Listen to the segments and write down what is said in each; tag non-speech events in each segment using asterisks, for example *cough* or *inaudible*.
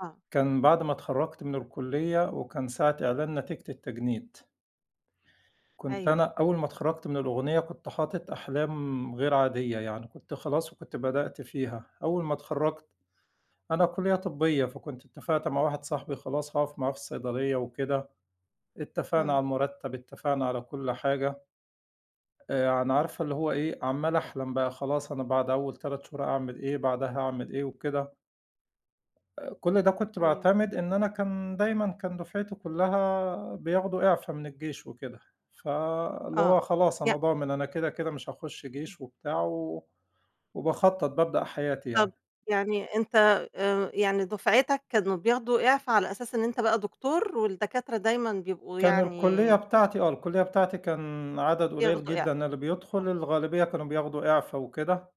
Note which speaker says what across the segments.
Speaker 1: آه.
Speaker 2: كان بَعد ما اتخرّجت من الكلّية، وكان ساعة إعلان نتيجة التجنيد. كنت أنا
Speaker 1: أيوه.
Speaker 2: أول ما اتخرّجت من الأغنية كنت حاطط أحلام غير عادية يعني، كنت خلاص، وكنت بدأْت فيها. أول ما اتخرّجت، أنا كلّية طبّية، فكنت إتفقت مع واحد صاحبي خلاص هاقف معاه في الصيدلية وكده. إتفقنا على
Speaker 1: امم.
Speaker 2: المرتّب، إتفقنا على كل حاجة، آآ ع يعني عارفة اللي هو إيه، عمّال أحلم بقى خلاص أنا بعد أول 3 شهور أعمل إيه؟ بعدها أعمل إيه؟ وكده. آآ كُل ده كنت
Speaker 1: أيوه.
Speaker 2: باعتمد إن أنا كان دايمًا كان دُفعتي كلّها بياخدوا إعفا من الجيش وكده، فاللي
Speaker 1: آه
Speaker 2: هو خلاص
Speaker 1: يع
Speaker 2: أنا ضامن أنا كده، كده مش هاخشّ
Speaker 1: امم.
Speaker 2: جيش وبتاع، و وباخطّط، بابدأ حياتي
Speaker 1: طَب
Speaker 2: يعني.
Speaker 1: يعني أنت آآ يعني دُفعِتك كانوا بياخدوا إعفا على أساس إن أنت بقى دكتور، والدكاترة دايمًا بيبقوا
Speaker 2: كان
Speaker 1: يعني
Speaker 2: الكلّية بتاعتي آه، الكلّية بتاعتي كان عدد قليّل
Speaker 1: بياخدوا إعفا.
Speaker 2: جدًا اللي بيدخل،
Speaker 1: آه.
Speaker 2: الغالبية كانوا بياخدوا إعفا وكده.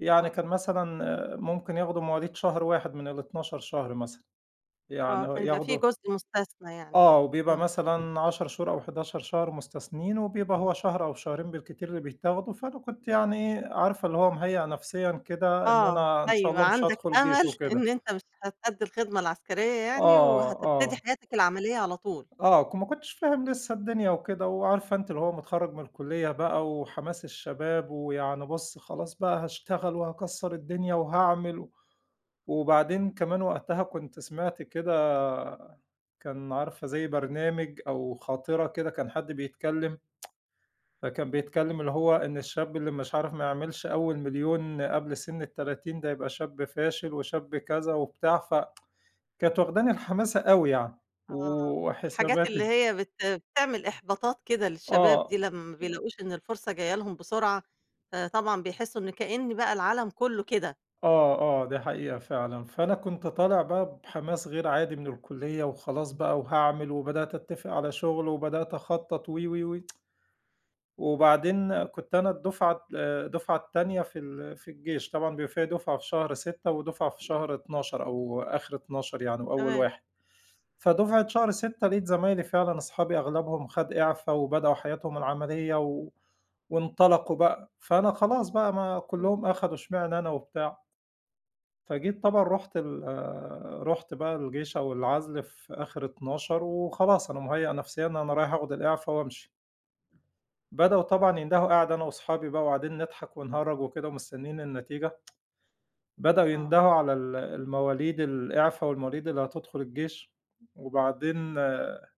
Speaker 2: يعني
Speaker 1: آه.
Speaker 2: كان مثلًا ممكن ياخدوا مواليد شهر 1 من ال12 شهر مثلًا.
Speaker 1: آه،
Speaker 2: يعني آه،
Speaker 1: كان بيبقى في
Speaker 2: ياخدوا
Speaker 1: جزء مستثنى يعني
Speaker 2: آه،
Speaker 1: كده،
Speaker 2: وبيبقى
Speaker 1: امم.
Speaker 2: مثلًا 10 شهور، أو 11 شهر مستثنيين وبيبقى هو شهر أو شهرين بالكتير اللي بيتاخدوا، فأنا كنت يعني، عارفة اللي هو مهيأ نفسيًا كده إن
Speaker 1: آه،
Speaker 2: أنا إن شاء
Speaker 1: أيوه،
Speaker 2: الله مش
Speaker 1: عندك
Speaker 2: هادخل جيش
Speaker 1: أمل
Speaker 2: وكده.
Speaker 1: إن أنت مش هتأدّي الخدمة العسكرية يعني،
Speaker 2: آه،
Speaker 1: وهتبتدي
Speaker 2: آه.
Speaker 1: حياتك العملية على طول.
Speaker 2: آه، ك ما كنتش فاهم لسه الدنيا وكده، وعارفة أنتِ اللي هو متخرّج من الكلّية بقى وحماس الشباب، ويعني بُصّ خلاص بقى هاشتغل، وهاكسّر الدنيا، وهاعمل. و وبعدين كمان وقتها كنت سمعْت كده كان عارفة زي برنامج أو خاطرة كده كان حد بيتكلّم، *tsk* فكان بيتكلّم اللي هو إن الشاب اللي مش عارف ما يعملش أول 1.000.000 قبْل سن ال30 ده يبقى شاب فاشل، وشاب كذا وبتاع، ف *tsk* كانت واخداني الحماسة أوي يعني.
Speaker 1: آه، الحاجات اللي
Speaker 2: وحساباتي
Speaker 1: هي بت بتعمل إحباطات كده للشباب دي،
Speaker 2: آه.
Speaker 1: لمّا ما
Speaker 2: آآ
Speaker 1: بيلاقوش إن الفرصة جايّة لهم بسرعة، فطبعًا بيحسوا إن كإن بقى العالَم كلّه كده.
Speaker 2: آه، آه، دي حقيقة فعلًا. فأنا كنت
Speaker 1: امم.
Speaker 2: طالع بقى بحماس غير عادي من الكلّية، وخلاص بقى وهاعمل، وبدأْت أتفق على شغْل، وبدأْت أخطّط وي، وي، وي. *tsk* وبعدين كنت أنا الدُفعة آآ الدُفعة التانية في ال في الجيش، طبعًا بيبقي فيه دُفعة في شهر 6 ودُفعة في شهر 12 أو آخر 12 يعني، وأول
Speaker 1: تمام.
Speaker 2: 1. فدُفعة شهر 6 لقيت زمايلي فعلًا أصحابي أغلَبهم خد إعفا، وبدأوا حياتهم العملية، و وإنطلقوا بقى، فأنا خلاص بقى ما
Speaker 1: امم.
Speaker 2: كلّهم أخدوا إشمعنا أنا وبتاع. فجيت طبعًا رُحت ال رُحت بقى الجيش أو العزْل في آخر 12، وخلاص أنا مهيأ نفسيًا أنا رايح آخد الإعفا وأمشي. بدؤوا طبعًا يندهوا، قاعد أنا وصحابي بقى وقاعدين نضحك، ونهرّج وكده ومستنّيين النتيجة، *tsk* بدؤوا
Speaker 1: آه.
Speaker 2: يندهوا على ال المواليد الإعفا والمواليد اللي هتدخل الجيش، وبعدين